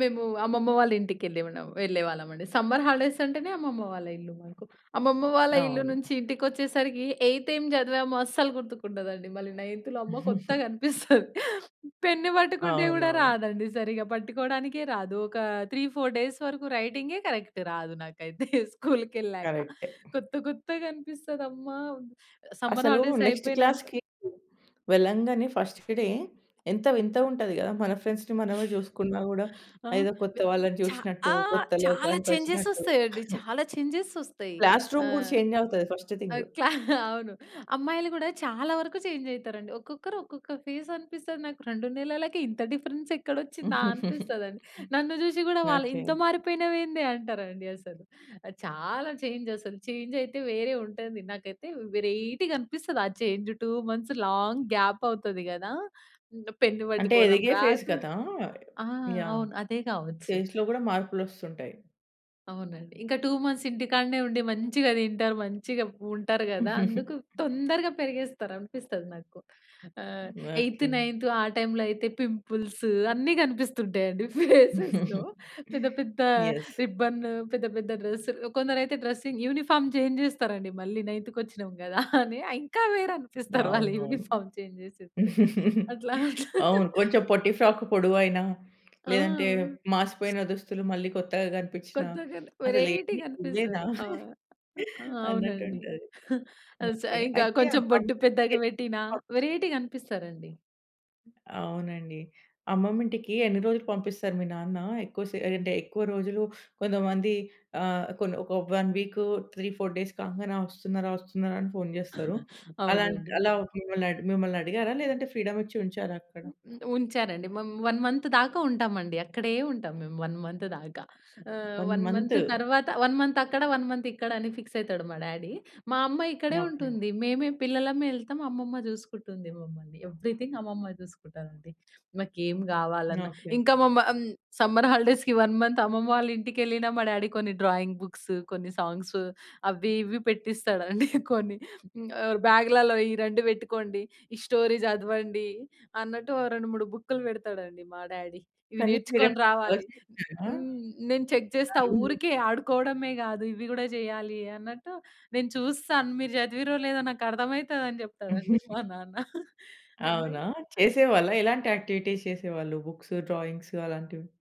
మేము అమ్మమ్మ వాళ్ళింటికెళ్ళి ఉన్నాం. వెళ్ళేవాళ్ళమండి. సమ్మర్ హాలిడేస్ అంటేనే అమ్మమ్మ వాళ్ళ ఇల్లు మనకు. అమ్మమ్మ వాళ్ళ ఇల్లు అవును. నుంచి ఇంటికొచ్చేసరికి ఎయిత్ ఏం జదివామో అస్సలు గుర్తుకుండదండి మళ్ళీ నైన్త్‌లో అమ్మో! కొత్తగనిపిస్తది. పెన్ను పట్టుకుంటే గూడా అవునవును. రాదండి సరిగ్గా పట్టుకోవడానికే రాదు. ఒక 3, 4 డేస్ వరకు రైటింగే కరెక్ట్ రాదు నాకైతే స్కూల్‌కెళ్ళాక. కరెక్టే. కొత్త కొత్తగనిపిస్తదమ్మా! సమ్మర్ అసలు హాలిడేస్ నెక్స్ట్ అయిపోయినాక క్లాస్‌కి వెళ్ళంగానే ఫస్ట్ డే ఎంత వింత ఉంటది గదా! మన ఫ్రెండ్స్‌ని అ! మనమే జూసుకున్నా గూడా ఆ! ఏదో కొత్త వే వాళ్ళని ఛ చూసినట్టు ఆ! కొత్త చాలా చేంజెస్ లోకానికొచ్చినట్టు. ఒస్తాయండి. చాలా చేంజెస్ ఒస్తాయి. క్లాస్ రూమ్ గూడా ఆహ్ చేంజ్ అవుతది ఫస్ట్ ఆ! థింగు. క్లా అవును. అమ్మాయిలు గూడా చాలా వరకు చేంజ్ అయితారండి. ఒక్కొక్కరు ఒక్కొక్క ఫేసనిపిస్తుంది నాకు. 2 నెలలకే ఇంత డిఫరెన్స్ ఎక్కడొచ్చిందా? అనిపిస్తదండి. నన్ను జూసి గూడా వాళ్ళు ఓకే. ఇంత మారిపోయినవెందే అంటారండి అసలు. అది చాలా చేంజ్ అసలు. చేంజయితే వేరే ఉంటుంది నాకైతే వేరైటీగా అనిపిస్తది ఆ చేంజ్ 2 మంత్స్ లాంగ్ గ్యాప్ అవుతది గదా! పెన్ను అంటే వట్టుకోవడం ఎదిగే ఫేస్ రాదు. కదా! ఆ! యాహ్! అవును. అదే గావచ్చు. ఫేస్‌లో గూడా మార్పులొస్తుంటాయి. అవునండి. ఇంకా 2 మంత్స్ ఇంటికాడనే ఉండి మంచిగా దింటారు మంచిగా ఉంటారు గదా! అందుకు తొందరగా పెరిగేస్తారు అనిపిస్తది నాకు. ఆహ్, ఎయిత్ ఓకే. నైన్త్ ఆ టైంలో అయితే పింపుల్స్ అన్ని గనిపిస్తుంటాయండి ఫేసెస్‌లో. పెద్ద పెద్ద యెస్. రిబ్బన్ పెద్ద పెద్ద డ్రెస్ కొందరైతే డ్రెసింగ్ యూనిఫార్మ్ చేంజ్ జేస్తారండి మళ్ళీ నైన్త్ కొచ్చినాం గదా! అని. ఇంకా వేరు అనిపిస్తారు వాళ్ళ అవునవును. యూనిఫార్మ్ చేంజ్ జేసేస్తే అట్లా అట్లా. అవును. కొంచెం పొట్టి ఫ్రాక్ పొడవుఅయినా ఆ! లేదంటే మాసిపోయిన దుస్తులు మళ్ళీ కొత్తగా గనిపిచ్చిన కొత్తగా వేరైటీ అసేలంది వీళ్ళేనా గనిపిస్తారు. ఆ! ఆ! అవునండి. అన్నట్టుంటది. అస్ ఓకే. ఇంకా అయితే కొంచెం అమమ్మ బొట్టు వాళ్ళ ఇంటికెళ్లినప్పుడు పెద్దగా వెట్టినా [unintelligible] వేరైటీగనిపిస్తారండి. అవునండి. అమ్మమ్మింటికి ఎన్ని రోజులు పంపిస్తారు మీ నాన్న? ఎక్కువ సె అంటే ఎక్కువ రోజులు కొంతమంది ఆహ్, కొన్ని ఒక వన్ వీకు 3, 4 డేస్ కాంగానే ఆ వస్తున్నారా? వస్తున్నారా? అని ఫోను జేస్తారు. అలాంటి అవునండి. అలా మిమ్మల్ని మిమ్మల్నడిగారా? లేదంటే ఫ్రీడమిచ్చి ఉంచారా అక్కడ? ఉ ఉంచారండి. మేము 1 మంత్ దాకా ఉంటామండి అక్కడే ఉంటాం మేము 1 మంత్ దాకా. ఆహ్, 1. 1 మంత్ మంతు! తరువాత 1 మంత్ అక్కడ 1 మంత్ ఇక్కడని ఫిక్స్ అయితాడు మా డ్యాడీ. మా అమ్మ ఇక్కడే ఓకే. ఉంటుంది. మేమే పిల్లలమే ఎళ్తాము అమ్మమ్మ జూసుకుంటుంది మమ్మల్ని. ఎవరీథింగ్ అమ్మమ్మ జూసుకుంటదండి. మాకేమి గావాలన్నా ఓకే. ఇంకా మామమ్ సమ్మర్ హాలిడేస్‌కి 1 మంత్ అమ్మమ్మ వాళ్ళ ఇంటికెళ్ళినా మా డ్యాడీ కొన్ని. డ్రాయింగ్ బుక్స్ కొన్ని సాంగ్స్ అవ్వి ఇవ్వి పెట్టిస్తాడండి కొని. హ్మ్. బ్యాగ్‌లలో ఈ 2 వెట్టుకోండి. ఈ స్టోరీ జదవండి అన్నట్టు ఓ 2, 3 బుక్‌కులు వెడతాడండి మా డ్యాడీ ఇవి కానీ నేర్చుకొని మీరెప్పుడు రావాలి. ఆలోచించారా? హ్మ్. నేను చెక్ జేస్తా, అవును. ఊరికే ఆడుకోవడమే గాదు ఇవి గూడా జేయాలి అన్నట్టు. నేను జూస్తాను మీరు చదివిర్రో లేదో నాకర్థమయితదని జేప్తాడండి మా నాన్న. [unintelligible] అవునా? చేసేవాళ్ళా? ఎలాంటి యాక్టివిటీస్ చేసేవాళ్ళు? బుక్స్, డ్రాయింగ్స్ అలాంటివి.